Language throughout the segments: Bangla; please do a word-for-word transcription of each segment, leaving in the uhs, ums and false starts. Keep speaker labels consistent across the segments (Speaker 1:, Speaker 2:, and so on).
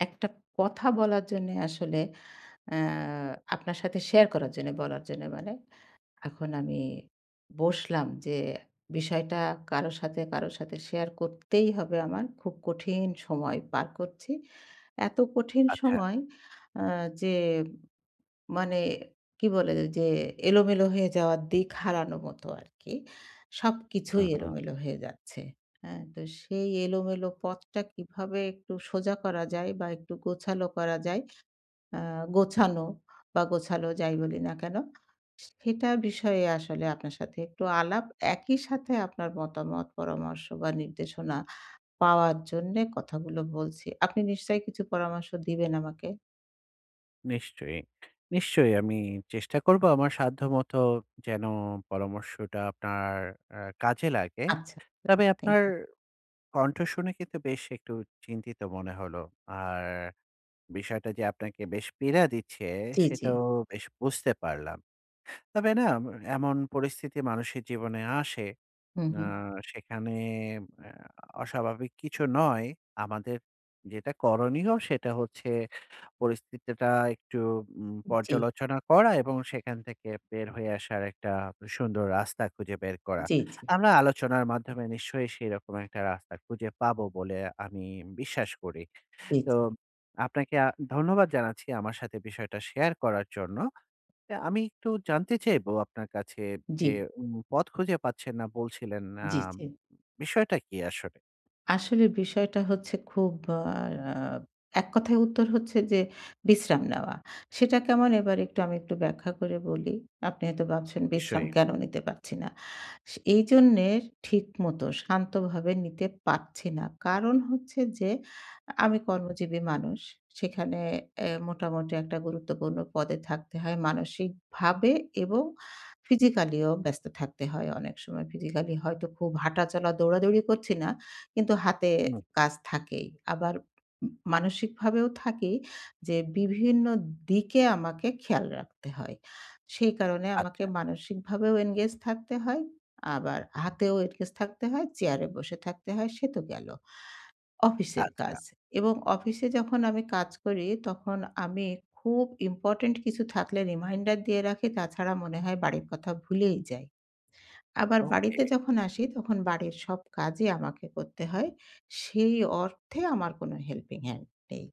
Speaker 1: একটা কথা বলার জন্য আসলে অ্যা আপনার সাথে শেয়ার করার জন্য বলার জন্য মানে এখন আমি বসলাম যে বিষয়টা কারো সাথে, কারো সাথে শেয়ার করতেই হবে আমার। খুব কঠিন সময় পার করছি। এত কঠিন
Speaker 2: আচ্ছা।
Speaker 1: সময় অ্যা যে মানে কি বলে যে এলোমেলো হয়ে যাওয়া দিক হারানোর মতো আরকি। সবকিছুই
Speaker 2: হুম, হুম।
Speaker 1: এলোমেলো হয়ে যাচ্ছে। হ্যাঁ? তো সেই এলোমেলো পথটা কিভাবে একটু সোজা করা যায় বা একটু গোছালো করা যায়, আ গোছানো বা গোছালো যাই বলি না কেনো, সেটা বিষয়ে আসলে আপনার সাথে একটু আলাপ। একই সাথে আপনার মতামত, পরামর্শ বা নির্দেশনা পাওয়ার জন্যে কথাগুলো বলছি। আপনি নিশ্চয়ই কিছু পরামর্শ দিবেন আমাকে?
Speaker 2: নিশ্চয়ই, নিশ্চয়ই আমি চেষ্টা করব আমার সাধ্যমত যেন পরামর্শটা আপনার আ কাজে লাগে।
Speaker 1: আচ্ছা, আচ্ছা
Speaker 2: তবে
Speaker 1: thank
Speaker 2: আপনার
Speaker 1: you.
Speaker 2: কণ্ঠ শুনে কিন্তু বেশ একটু চিন্তিত মনে হল। আর বিষয়টা যে আপনাকে বেশ পীড়া দিচ্ছে
Speaker 1: জি, জি।
Speaker 2: সেটাও বেশ বুঝতে পারলাম। তবে না এমন পরিস্থিতি মানুষের জীবনে আসে,
Speaker 1: হুম,
Speaker 2: আ
Speaker 1: হুম।
Speaker 2: সেখানে আ অস্বাভাবিক কিছু নয়। আমাদের যেটা করণীয় সেটা হচ্ছে পরিস্থিতিটা একটু উম
Speaker 1: জি।
Speaker 2: পর্যালোচনা করা এবং সেখান থেকে বের হয়ে আসার একটা সুন্দর রাস্তা খুঁজে বের করা।
Speaker 1: জি, জি।
Speaker 2: আমরা আলোচনার মাধ্যমে নিশ্চয়ই সেরকম একটা রাস্তা খুঁজে পাবো বলে আমি বিশ্বাস করি।
Speaker 1: জি,
Speaker 2: তো
Speaker 1: জি।
Speaker 2: আপনাকে আ ধন্যবাদ জানাচ্ছি আমার সাথে বিষয়টা শেয়ার করার জন্য। তো আমি একটু জানতে চাইব আপনার কাছে যে
Speaker 1: জি।
Speaker 2: উম পথ খুঁজে পাচ্ছেন না বলছিলেন আ
Speaker 1: জি, জি।
Speaker 2: বিষয়টা কি আসলে?
Speaker 1: আসলে বিষয়টা হচ্ছে খুব আর আ এক কথায় উত্তর হচ্ছে যে, "বিশ্রাম নেওয়া।" সেটা কেমন এবার একটু আমি একটু ব্যাখ্যা করে বলি। আপনি হয়তো ভাবছেন, বিশ্রাম
Speaker 2: নিশ্চয়ই।
Speaker 1: কেন নিতে পারছি না। সে এইজন্যে ঠিকমত শান্তভাবে নিতে পাচ্ছি না। কারণ হচ্ছে যে, আমি কর্মজীবী মানুষ। সেখানে এ মোটামুটি একটা গুরুত্বপূর্ণ পদে থাকতে হয়, মানসিকভাবে এবং physically ও ব্যস্ত থাকতে হয় অনেক সময়। Physically হয়তো খুব হাঁটা-চলা, দৌড়াদৌড়ি করছি না। কিন্তু হাতে
Speaker 2: হুম।
Speaker 1: কাজ থাকেই। আবার উম মানসিকভাবেও থাকেই। যে বিভিন্ন দিকে আমাকে খেয়াল রাখতে হয়। সেই কারণে আমাকে
Speaker 2: আচ্ছা।
Speaker 1: মানসিকভাবেও engage থাকতে হয়। আবার হাতেও engage থাকতে হয়, চেয়ারে বসে থাকতে হয়, সে তো গেল অফিসের
Speaker 2: আচ্ছা।
Speaker 1: কাজ। এবং অফিসে যখন আমি কাজ করি, তখন আমি খুব ইম্পোর্টেন্ট কিছু থাকলে reminder দিয়ে রাখি। তাছাড়া মনে হয় বাড়ির কথা ভুলেই যাই। আবার
Speaker 2: ওকে।
Speaker 1: বাড়িতে যখন আসি, তখন বাড়ির সব কাজই আমাকে করতে হয়। সেই অর্থে আমার কোন helping hand নেই।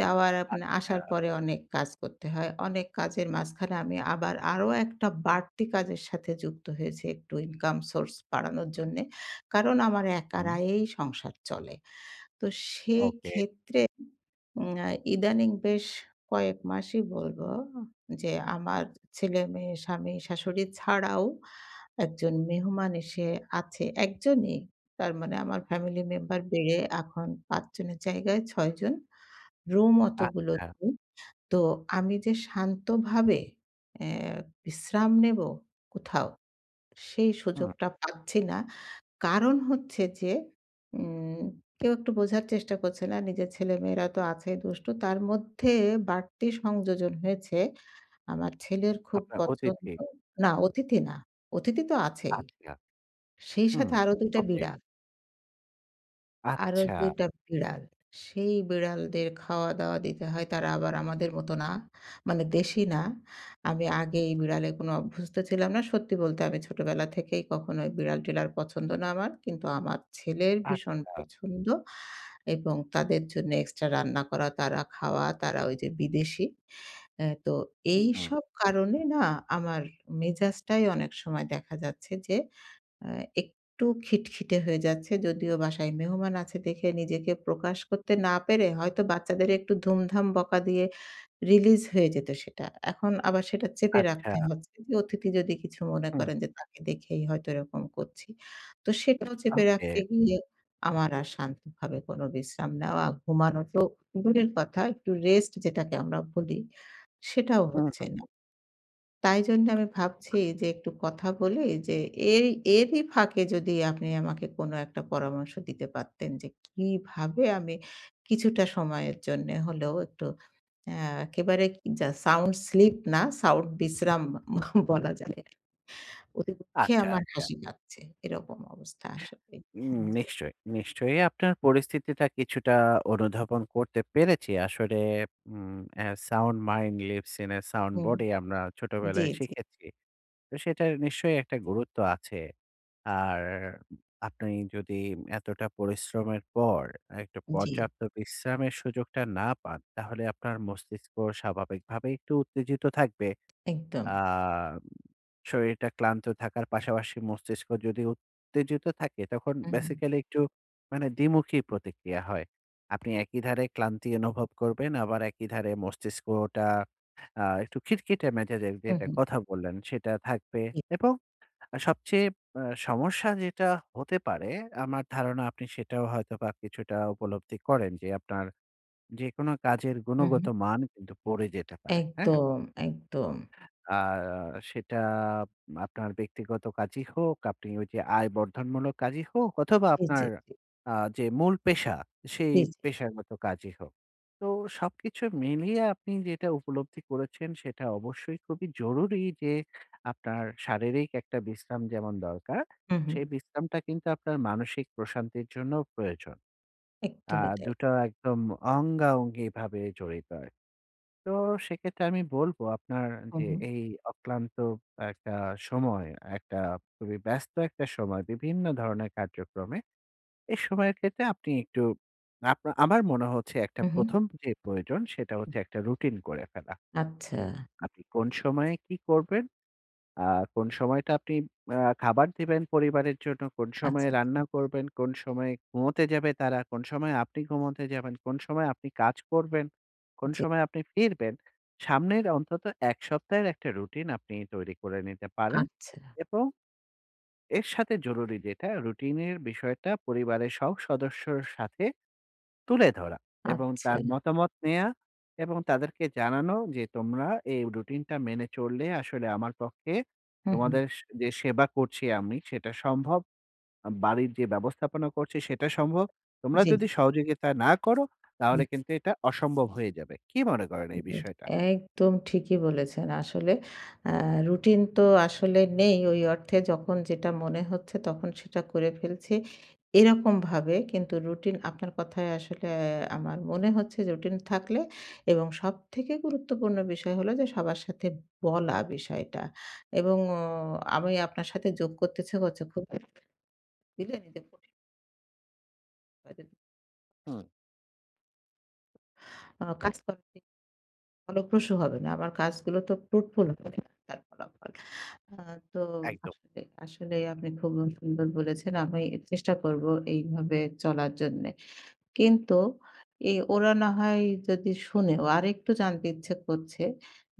Speaker 1: যাওয়ার আপ আ মানে
Speaker 2: আচ্ছা।
Speaker 1: আসার পরে অনেক কাজ করতে হয়। অনেক কাজের মাঝখানে আমি আবার আরো একটা বাড়তি কাজের সাথে যুক্ত হয়েছি, একটু ইনকাম source বাড়ানোর জন্যে। কারণ, আমার একার
Speaker 2: হুম।
Speaker 1: আয়েই সংসার চলে। তো
Speaker 2: ওকে।
Speaker 1: সেইক্ষেত্রে উম ইদানিং বেশ কয়েক মাসই বলবো, যে আমার ছেলে-মেয়ে, স্বামী, শাশুড়ি ছাড়াও একজন মেহমান এসে আছে, এক জনই। তার মানে আমার ফ্যামিলি মেম্বার বেড়ে এখন পাঁচ জনের জায়গায় ছয় জন। রুম অতগুলো
Speaker 2: আচ্ছা।
Speaker 1: নেই। তো আমি যে শান্তভাবে এ বিশ্রাম নেব কোথাও, সেই
Speaker 2: হুম।
Speaker 1: সুযোগটা পাচ্ছি না। কারণ হচ্ছে যে, উম কেউ একটু বোঝার চেষ্টা করছে না নিজের ছেলে-মেয়েরা তো আছেই দুষ্টু। তার মধ্যে বাড়তি সংযোজন হয়েছে। আমার ছেলের খুব
Speaker 2: আপনার
Speaker 1: পছন্দ
Speaker 2: অতিথি?
Speaker 1: না অতিথি না, অতিথি তো আছেই।
Speaker 2: আচ্ছা।
Speaker 1: সেই
Speaker 2: হুম,
Speaker 1: সাথে আরও দুই টা
Speaker 2: ওকে।
Speaker 1: বিড়াল। আরো
Speaker 2: আচ্ছা।
Speaker 1: দুই টা বিড়াল, সেই বিড়ালদের খাওয়া দাওয়া দিতে হয় তারা আবার আমাদের মতো না মানে দেশি না। আমি আগে এই বিড়ালে কোন অভ্যস্ত ছিলাম না। সত্যি বলতে আমি ছোটবেলা থেকেই কখনো বিড়াল টিরাল পছন্দ না আমার, কিন্তু আমার ছেলের ভীষণ
Speaker 2: আচ্ছা।
Speaker 1: পছন্দ এবং তাদের জন্য extra রান্না করা, তারা খাওয়া, তারা ওই যে বিদেশী। আ তো,
Speaker 2: হুম।
Speaker 1: এইসব কারণে না আমার মেজাজটাই অনেক সময় দেখা যাচ্ছে যে অ্যা একটু খিটখিটে হয়ে যাচ্ছে। যদিও বাসায় মেহমান আছে দেখে নিজেকে প্রকাশ করতে না পেরে হয়তো বাচ্চাদের একটু ধুমধাম বকা দিয়ে release হয়ে যেত সেটা। এখন আবার সেটা চেপে রাখতে
Speaker 2: আচ্ছা।
Speaker 1: হচ্ছে। অতিথি যদি কিছু মনে
Speaker 2: হুম।
Speaker 1: করেন। যে তাকে দেখেই হয়তো এরকম করছি। তো সেটাও চেপে
Speaker 2: ওকে।
Speaker 1: রাখতে গিয়ে আমার আর শান্তভাবে কোন বিশ্রাম নেওয়া, ঘুমানোর তো দূরের কথা একটু rest যেটাকে আমরা বলি সেটাও
Speaker 2: হুম,
Speaker 1: হচ্ছে
Speaker 2: হুম,
Speaker 1: না।
Speaker 2: হুম।
Speaker 1: তাই জন্য আমি ভাবছি যে একটু কথা বলি যে এই এরই ফাঁকে যদি আপনি আমাকে কোন একটা পরামর্শ দিতে পারতেন, যে কিভাবে আমি কিছুটা সময়ের জন্য হলেও একটু অ্যা একেবারে যা sound sleep না sound বিশ্রাম বলা যায়। অতি দুঃখে
Speaker 2: আচ্ছা,
Speaker 1: আমার
Speaker 2: আচ্ছা।
Speaker 1: হাসি পাচ্ছে। এরকম অবস্থা আসলে।
Speaker 2: উম
Speaker 1: হ্যাঁ, জি।
Speaker 2: নিশ্চয়ই, নিশ্চয়ই আপনার পরিস্থিতিটা কিছুটা অনুধাবন করতে পেরেছি। আসলে উম অ্যা ‘’sound mind lives in a sound
Speaker 1: hmm.
Speaker 2: body‘’, আমরা
Speaker 1: জি,
Speaker 2: ছোটবেলায়
Speaker 1: জি।
Speaker 2: শিখেছি। তো সেটার নিশ্চয়ই একটা গুরুত্ব আছে। আর আপনি যদি এতটা পরিশ্রমের পর, একটু
Speaker 1: জি।
Speaker 2: পর্যাপ্ত বিশ্রামের সুযোগটা না পান। তাহলে আপনার মস্তিষ্ক স্বাভাবিকভাবে একটু উত্তেজিত থাকবে।
Speaker 1: একদম।
Speaker 2: আ শরীরটা ক্লান্ত থাকার পাশাপাশি মস্তিষ্ক যদি উত্তেজিত থাকে তখন
Speaker 1: হুম, হুম।
Speaker 2: basically একটু মানে দ্বিমুখী প্রতিক্রিয়া হয়। আপনি একই ধারে ক্লান্তি অনুভব করবেন, আবার একই ধারে মস্তিষ্কটা আ একটু খিটখিটে মেজাজের
Speaker 1: হুম,
Speaker 2: যেটার
Speaker 1: হুম।
Speaker 2: কথা বললেন সেটা থাকবে
Speaker 1: জি।
Speaker 2: এবং সবচেয়ে আ সমস্যা যেটা হতে পারে আমার ধারণা আপনি সেটাও হয়তো বা কিছুটা উপলব্ধি করেন যে, আপনার যেকোনো কাজের
Speaker 1: হুম,
Speaker 2: গুণগত
Speaker 1: হুম।
Speaker 2: মান কিন্তু পড়ে যেতে পারে। হ্যাঁ?
Speaker 1: একদম, একদম।
Speaker 2: আ আর সেটা আ আপনার ব্যক্তিগত কাজই হোক, আপনি ওই যে আয় বর্ধনমূলক কাজই হোক, অথবা
Speaker 1: জি, জি,
Speaker 2: আপনার
Speaker 1: জি।
Speaker 2: আ যে মূল পেশা সেই
Speaker 1: জি, জি।
Speaker 2: পেশাগত কাজই হোক। তো সবকিছু মিলিয়ে আপনি যেটা উপলব্ধি করেছেন। সেটা অবশ্যই খুবই জরুরি যে আপনার শারীরিক একটা বিশ্রাম যেমন দরকার,
Speaker 1: হুম, হুম।
Speaker 2: সেই বিশ্রামটা কিন্তু আপনার মানসিক প্রশান্তির জন্যও প্রয়োজন। আ
Speaker 1: একদমই তাই।
Speaker 2: দু টো একদম অঙ্গাঅঙ্গিভাবে জড়িত হয়। তো সেক্ষেত্রে আমি বলব আপনার
Speaker 1: হুম,
Speaker 2: যে
Speaker 1: হুম।
Speaker 2: এই অক্লান্ত একটা সময়, একটা খুবই ব্যস্ত একটা সময় বিভিন্ন ধরনের কার্যক্রমে। এই সময়ের ক্ষেত্রে আপনি একটু আপনা আমার মনে হচ্ছে একটা
Speaker 1: হুম, হুম।
Speaker 2: প্রথম যে প্রয়োজন সেটা হচ্ছে একটা রুটিন করে ফেলা।
Speaker 1: আচ্ছা।
Speaker 2: আপনি কোন সময়ে কি করবেন, আ কোন সময়টা আপনি আ খাবার দিবেন পরিবারের জন্য, কোন
Speaker 1: আচ্ছা,
Speaker 2: সময়ে
Speaker 1: আচ্ছা।
Speaker 2: রান্না করবেন? কোন সময়ে ঘুমোতে যাবে তারা? কোন সময় আপনি ঘুমাতে যাবেন? কোন সময় আপনি কাজ করবেন? কোন
Speaker 1: জি।
Speaker 2: সময় আপনি ফিরবেন? সামনের অন্তত এক সপ্তাহের একটা রুটিন আপনি তৈরি করে নিতে পারেন
Speaker 1: আচ্ছা।
Speaker 2: এবং এর সাথে জরুরি যেটা রুটিনের বিষয়টা পরিবারের সব সদস্যের সাথে তুলে ধরা এবং
Speaker 1: আচ্ছা।
Speaker 2: তার মতামত নেয়া এবং তাদেরকে জানানো যে তোমরা এই রুটিনটা মেনে চললে আসলে আমার পক্ষে
Speaker 1: হুম, হুম।
Speaker 2: তোমাদের স যে সেবা করছি আমি সেটা সম্ভব, বাড়ির যে ব্যবস্থাপনা করছি সেটা সম্ভব। তোমরা
Speaker 1: জি।
Speaker 2: যদি সহযোগিতা না করো, তাহলে
Speaker 1: হুম।
Speaker 2: কিন্তু এটা অসম্ভব হয়ে যাবে। কী মনে করেন এই
Speaker 1: [unintelligible]
Speaker 2: বিষয়টা?
Speaker 1: একদম ঠিকই বলেছেন। আসলে আ রুটিন তো আসলে নেই। ওই অর্থে যখন যেটা মনে হচ্ছে তখন সেটা করে ফেলছি। এরকমভাবে কিন্তু রুটিন আপনার কথায় আসলে অ্যা আমার মনে হচ্ছে রুটিন থাকলে এবং সবথেকে গুরুত্বপূর্ণ বিষয় হলো যে সবার সাথে বলা বিষয়টা এবং অ আমি আপনার সাথে যোগ করতেছি খুব। [unintelligible] [unintelligible]
Speaker 2: হুম।
Speaker 1: অ্যা কাজটা ঠিক ফলপ্রসু হবে না। আমার কাজগুলো তো ফ্রুটফুল হবে না তার ফলাফল। অ্যা তো
Speaker 2: একদম।
Speaker 1: আসলে আসলেই আপনি খুব সুন্দর বলেছেন। আমি চেষ্টা করবো এইভাবে চলার জন্যে। কিন্তু এই ওরা না হয় যদি শুনেও আরেকটু জানতে ইচ্ছে করছে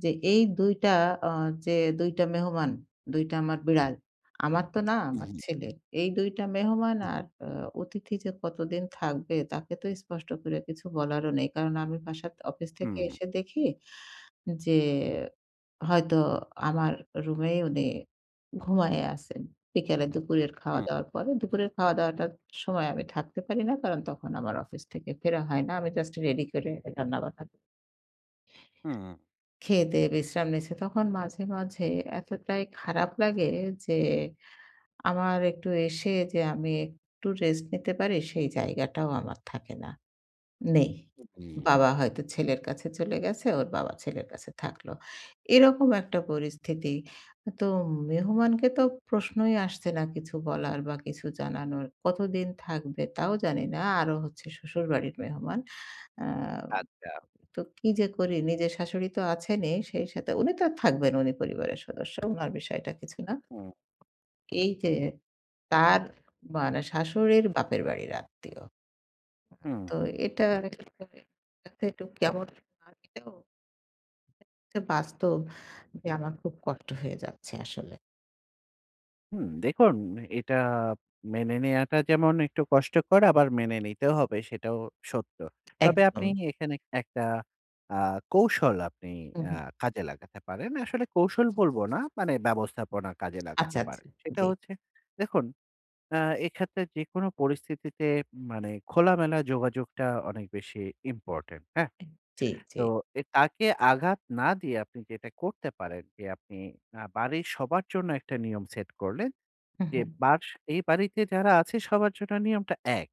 Speaker 1: যে এই দুই টা অ্যা যে দুই টা মেহমান, দুই টা আমার বিড়াল। আমার তো না
Speaker 2: হু,
Speaker 1: আমার
Speaker 2: হু।
Speaker 1: ছেলের। এই দুই টা মেহমান আর অ অতিথি যে কতদিন থাকবে, তাকে তো স্পষ্ট করে কিছু বলারও নেই। কারণ আমি বাসাত অফিস থেকে
Speaker 2: হুম।
Speaker 1: এসে দেখি যে, হয়তো আমার রুমেই উনি ঘুমায়ে আছেন। বিকেলে দুপুরের খাওয়া
Speaker 2: উম
Speaker 1: দাওয়ার পরে। দুপুরের খাওয়া দাওয়াটার সময় আমি থাকতে পারি না। কারণ তখন আমার অফিস থেকে ফেরা হয় না। আমি জাস্ট রেডি করে রান্নাবান্না ক
Speaker 2: হুউম।
Speaker 1: খেয়ে দেয়ে বিশ্রাম নিছে। তখন মাঝে, মাঝে এতটাই খারাপ লাগে যে, আমার একটু এসে যে আমি একটু রেস্ট নিতে পারি, সেই জায়গাটাও আমার থাকে না, নেই।
Speaker 2: উ হুম।
Speaker 1: বাবা হয়তো ছেলের কাছে চলে গেছে, ওর বাবা ছেলের কাছে থাকলো। এরকম একটা পরিস্থিতি। তো মেহমানকে তো প্রশ্নই আসছে না কিছু বলার। বা কিছু জানানোর, কতদিন থাকবে তাও জানি না। আরো হচ্ছে শ্বশুরবাড়ির মেহমান। অ্যাঁ
Speaker 2: আচ্ছা।
Speaker 1: তো কি যে করি? নিজের শাশুড়ি তো আছেনই সেই সাথে উনি তো থাকবেন উনি পরিবারের সদস্য। উনার বিষয়টা কিছু না।
Speaker 2: হুম।
Speaker 1: এইযে তার মানে শাশুড়ির বাপের বাড়ির আত্মীয়। হুম,
Speaker 2: হুম,
Speaker 1: তো
Speaker 2: হু।
Speaker 1: এটা [unintelligible] অনেকটা একটু কেমন লাগলেও বাস্তব যে আমার খুব কষ্ট হয়ে যাচ্ছে আসলে।
Speaker 2: হুম। দেখুন এটা মেনে নেওয়াটা যেমন একটু কষ্টকর আবার মেনে নিতেও হবে সেটাও সত্য। তবে আপনি
Speaker 1: একদম।
Speaker 2: এ এখানে একটা আ কৌশল আপনি
Speaker 1: হুম,
Speaker 2: অ্যা
Speaker 1: হুম।
Speaker 2: কাজে লাগাতে পারেন। আসলে কৌশল বলবো না মানে ব্যবস্থাপনা কাজে
Speaker 1: আচ্ছা,
Speaker 2: লাগাতে
Speaker 1: আচ্ছা।
Speaker 2: পারেন। সেটা
Speaker 1: জ্বী।
Speaker 2: হচ্ছে, দেখুন অ্যা এক্ষেত্রে যেকোনো পরিস্থিতিতে মানে খোলামেলা যোগাযোগটা অনেক বেশি ইম্পোর্টেন্ট, হ্যাঁ?
Speaker 1: জ্বি,
Speaker 2: তো
Speaker 1: জ্বি।
Speaker 2: এ তাকে আঘাত না দিয়ে আপনি যেটা করতে পারেন যে, আপনি আ বাড়ির সবার জন্য একটা নিয়ম সেট করলেন।
Speaker 1: হুম,
Speaker 2: যে
Speaker 1: হুম।
Speaker 2: বাস এই বাড়িতে যারা আছে সবার জন্য নিয়মটা এক।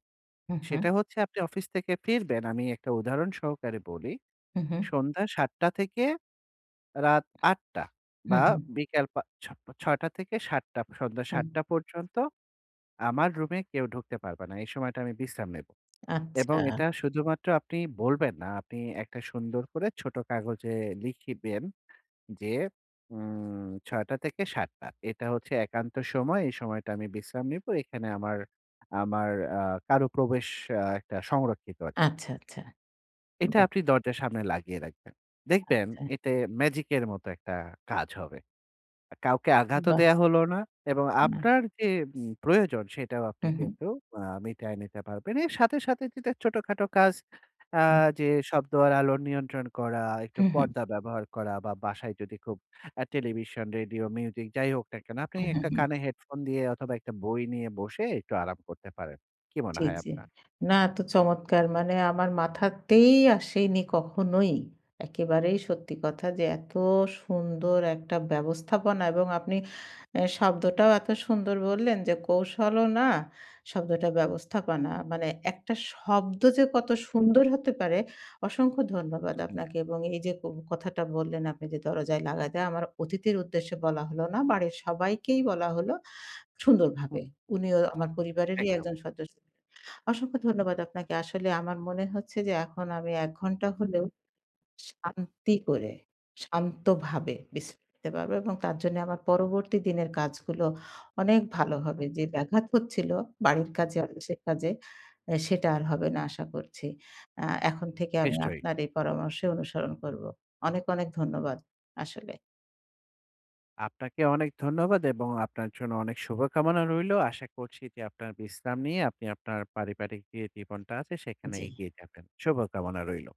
Speaker 1: হুম, হুম।
Speaker 2: সেটা হচ্ছে আপনি অফিস থেকে ফিরবেন, আমি একটা উদাহরণ সহকারে বলি।
Speaker 1: হুম, হুম।
Speaker 2: সন্ধ্যা সাতটা থেকে রাত আটটা
Speaker 1: হুম,
Speaker 2: বা
Speaker 1: হুম।
Speaker 2: বিকাল পা ছ ছয়টা থেকে সাতটা, সন্ধ্যা
Speaker 1: হুম।
Speaker 2: সাতটা পর্যন্ত আমার রুমে কেউ ঢুকতে পারবা না। এই সময়টা আমি বিশ্রায় নেবো। এবং
Speaker 1: আচ্ছা।
Speaker 2: এটা শুধুমাত্র আপনি বলবেন না, আপনি একটা সুন্দর করে ছোট কাগজে লিখিবেন যে, উম ছয়টা থেকে সাতটা এটা হচ্ছে একান্ত সময়। এই সময়টা আমি বিশ্রাম নিবো। এখানে আমার আমার আ কারো প্রবেশ আ একটা সংরক্ষিত আরকি।
Speaker 1: আচ্ছা, আচ্ছা।
Speaker 2: এটা
Speaker 1: বাহ!
Speaker 2: আপনি দরজার সামনে লাগিয়ে রাখবেন। দেখবেন
Speaker 1: আচ্ছা।
Speaker 2: এতে ম্যাজিক এর মতো একটা কাজ হবে। এ কাউকে আঘাতও
Speaker 1: বাহ্।
Speaker 2: দেয়া হল না। এবং
Speaker 1: না।
Speaker 2: আপনার যে উম প্রয়োজন সেটাও আপনি
Speaker 1: হুম, হুম।
Speaker 2: কিন্তু অ্যা মিটায়ে নিতে পারবেন। এর সাথে, সাথে যদি ছোট-খাটো কাজ অ্যাঁ যে শব্দ আর আলোর নিয়ন্ত্রণ করা, একটু
Speaker 1: হুম, হুম।
Speaker 2: পর্দা ব্যবহার করা বা বাসায় যদি খুব অ্যাঁ টেলিভিশন, রেডিও, মিউজিক যাইহোক না কেনো আপনি
Speaker 1: হুম, হুম,
Speaker 2: একটা
Speaker 1: হুম।
Speaker 2: কানে হেডফোন দিয়ে অথবা একটা বই নিয়ে বসে একটু আরাম করতে পারেন। কি মনে
Speaker 1: জি,
Speaker 2: হয়
Speaker 1: জি।
Speaker 2: আপনার?
Speaker 1: না, এত চমৎকার মানে আমার মাথাতেই আসেনি কখনোই। একেবারেই সত্যি কথা যে এত সুন্দর একটা ব্যবস্থাপনা এবং আপনি এ্যা শব্দটাও এত সুন্দর বললেন যে, কৌশলও না শব্দটা ব্যবস্থাপনা। মানে একটা শব্দ যে কত সুন্দর হতে পারে; অসংখ্য ধন্যবাদ
Speaker 2: হুম, হুম।
Speaker 1: আপনাকে। এবং এই যে ক কথাটা বললেন আপনি যে, দরজায় লাগাতে আমার অতিথির উদ্দেশ্যে বলা হলো না। বাড়ির সবাইকেই বলা হলো, সুন্দরভাবে। উনিও আমার পরিবারেরই
Speaker 2: একদম।
Speaker 1: একজন সদস্য। অসংখ্য ধন্যবাদ আপনাকে। আসলে আমার মনে হচ্ছে যে এখন আমি এক ঘন্টা হলেও শান্তি করে, শান্তভাবে বিশ্রাম নিতে পারবো এবং তার জন্যে আমার পরবর্তী দিনের কাজগুলো অনেক ভালো হবে। যে ব্যাঘাত হচ্ছিলো বাড়ির কাজে, অফিসের কাজে এ্যা সেটা আর হবে না আশা করছি। অ্যা এখন থেকে আমি
Speaker 2: নিশ্চয়ই।
Speaker 1: আপনার এই পরামর্শ অনুসরণ করবো। অনেক, অনেক ধন্যবাদ আসলে।
Speaker 2: আপনাকে অনেক ধন্যবাদ এবং আপনার জন্য অনেক শুভকামনা রইলো। আশা করছি যে আপনার বিশ্রাম নিয়ে আপনি আপনার পারিবারিক যে জীবনটা আছে সেখানে
Speaker 1: জ্বী।
Speaker 2: এগিয়ে যাবেন। শুভকামনা রইলো।